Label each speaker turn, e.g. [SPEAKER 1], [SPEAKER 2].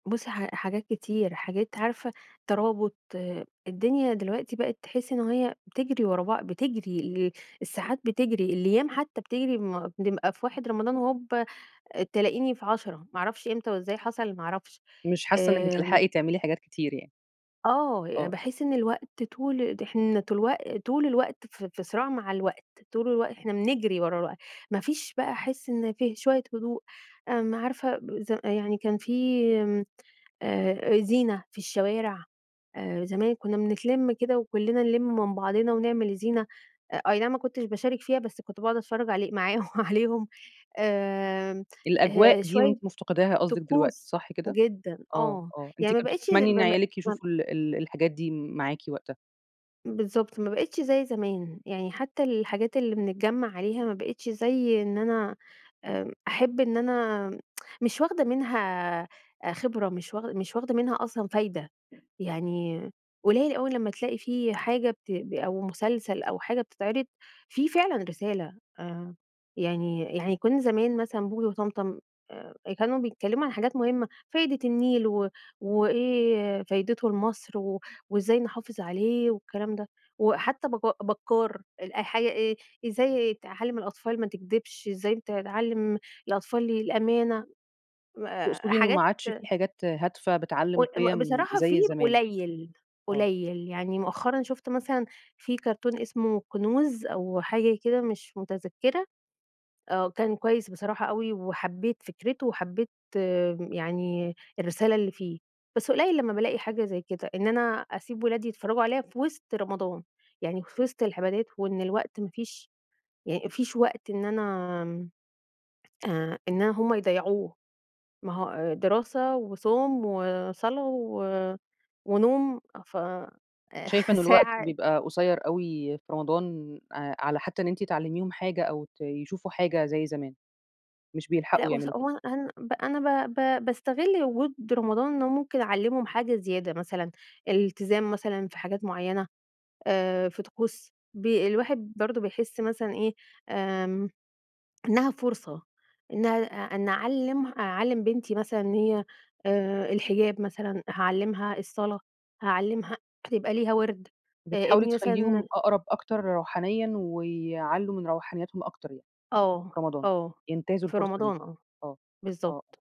[SPEAKER 1] بُصي ح حاجات كتير. حاجات عارفة، ترابط الدنيا دلوقتي بقيت تحسّي إن هي بتجري ورا بع بتجري، ال الساعات بتجري، الأيّام حتّى بتجري؛ ما نبقى في 1 رمضان وهوبَّا تلاقيني في 10، ما أعرفش إمتى وإزاي حصل ما أعرفش.
[SPEAKER 2] مش حاسّة إنّك
[SPEAKER 1] آمم.
[SPEAKER 2] بتلحقي تعملي حاجات كتير يعني.
[SPEAKER 1] آه، يع
[SPEAKER 2] آه.
[SPEAKER 1] باحس إن الوقت طول ده إحنا تلوق طول الوقت في صراع مع الوقت، طول الوقت إحنا بنجري ورا الوق ما فيش بقى أحس إن في شويّة هدوء. امم عارفة ز يعني كان في، آآ، زينة في الشوارع. آآ، زمان كنّا بنتلم كده وكلنا نلِم من بعضنا ونعمل الزينة. أ أي نعم ما كنتش باشارك فيها بس كنت باقعد أتفرّج علي معاهم عليهم آمم،
[SPEAKER 2] الأجواء
[SPEAKER 1] آآ،
[SPEAKER 2] دي
[SPEAKER 1] شويّة
[SPEAKER 2] وأنتِ مفتقداها قصدِك دلوقتي،
[SPEAKER 1] طقوس
[SPEAKER 2] صح كده؟
[SPEAKER 1] جدًا
[SPEAKER 2] آه،
[SPEAKER 1] آه.
[SPEAKER 2] آه، أنتِ
[SPEAKER 1] يعني ما
[SPEAKER 2] كن
[SPEAKER 1] بقيتش ز
[SPEAKER 2] بتتمني إن
[SPEAKER 1] ما بقي
[SPEAKER 2] عيالِك
[SPEAKER 1] ما ب
[SPEAKER 2] يشوفوا ال ال الحاجات دي معاكِ وقتها؟
[SPEAKER 1] بالضبط، ما بقيتش زي زمان. يعني حتّى الحاجات اللي بنتجمع عليها ما بقيتش زي إن أنا آآ، أحب إن أنا مش واخدة منها خبرة، مش واخ مش واخدة منها أصلًا فايدة، يعني قليل أوي لمّا تلاقي في حاجة بت أو مسلسل أو حاجة بتتعرض، فيه فعلًا رسالة. آآ، يعني يعني كنّا زمان مثلًا بوجي وطمطم آآ كانوا بيتكلّموا عن حاجات مهمة، فايدة النيل و وإيه فايدته لمصر، و وإزاي نحافظ عليه والكلام ده. وحتّى بك بكّار الأ حاجة إيه، إزاي تعلم الأطفال ما تكدبش، إزاي ت تعلم الأطفال الأمانة. آآ،
[SPEAKER 2] تقصدي إنه ما
[SPEAKER 1] حاجات
[SPEAKER 2] عادش في حاجات هادفة بتعلم
[SPEAKER 1] قل ب
[SPEAKER 2] قيم
[SPEAKER 1] بصراحة في
[SPEAKER 2] زي زمان؟
[SPEAKER 1] قليل،
[SPEAKER 2] آه.
[SPEAKER 1] قليل. يعني مؤخرًا شُفت مثلًا في كارتون اسمه كنوز أو حاجة كده مش متذكرة، آه، وكان كويّس بصراحة أوي وحبّيت فكرته وحبّيت يعني الرسالة اللي فيه. بس قليل لمّا بالاقي حاجة زي كده، إن أنا أسيب ولادي يتفرجوا عليها في وسط رمضان، يعني في وسط العبادات، وإن الوقت ما فيش ي ما فيش وقت إن أنا آآ، إن هم يضيعوه، ما هو دراسة، وصوم، وصلاة، و ونوم، ف
[SPEAKER 2] شايفة إن الوقت
[SPEAKER 1] ساعة
[SPEAKER 2] بيبقى قصيّر أوي في رمضان، آآ، على حتّى إن أنتِ تعلميهم حاجة أو ت يشوفوا حاجة زي زمان. مش
[SPEAKER 1] لأ
[SPEAKER 2] بيلحقوا
[SPEAKER 1] بُصي
[SPEAKER 2] يعملوا كده.
[SPEAKER 1] هو أنا أهم أنا ب ب باستغل وجود رمضان إن هو ممكن أعلِّمهم حاجة زيادة مثلًا، الالتزام مثلًا في حاجات معينة، آآ في طقوس ب الواحد برضه بيحس مثلًا إيه، آمم، إنها فرصة، إنها إن أعلِّم أعلِّم بنتي مثلًا هي، آآ، الحجاب مثلًا، هاعلمها الصلاة، هاعلمها يبقى ليها وِرْد، آآ
[SPEAKER 2] بتحاولي
[SPEAKER 1] ابني
[SPEAKER 2] تخليهم
[SPEAKER 1] مثلًا
[SPEAKER 2] أقرب أكتر روحانيًا ويعلّوا من روحانياتهم أكتر يعني،
[SPEAKER 1] آه،
[SPEAKER 2] في رمضان.
[SPEAKER 1] آه،
[SPEAKER 2] ينتهزوا
[SPEAKER 1] في
[SPEAKER 2] الفرصة دي.
[SPEAKER 1] رمضان، آه.
[SPEAKER 2] آه، آه، آه.
[SPEAKER 1] بالضبط.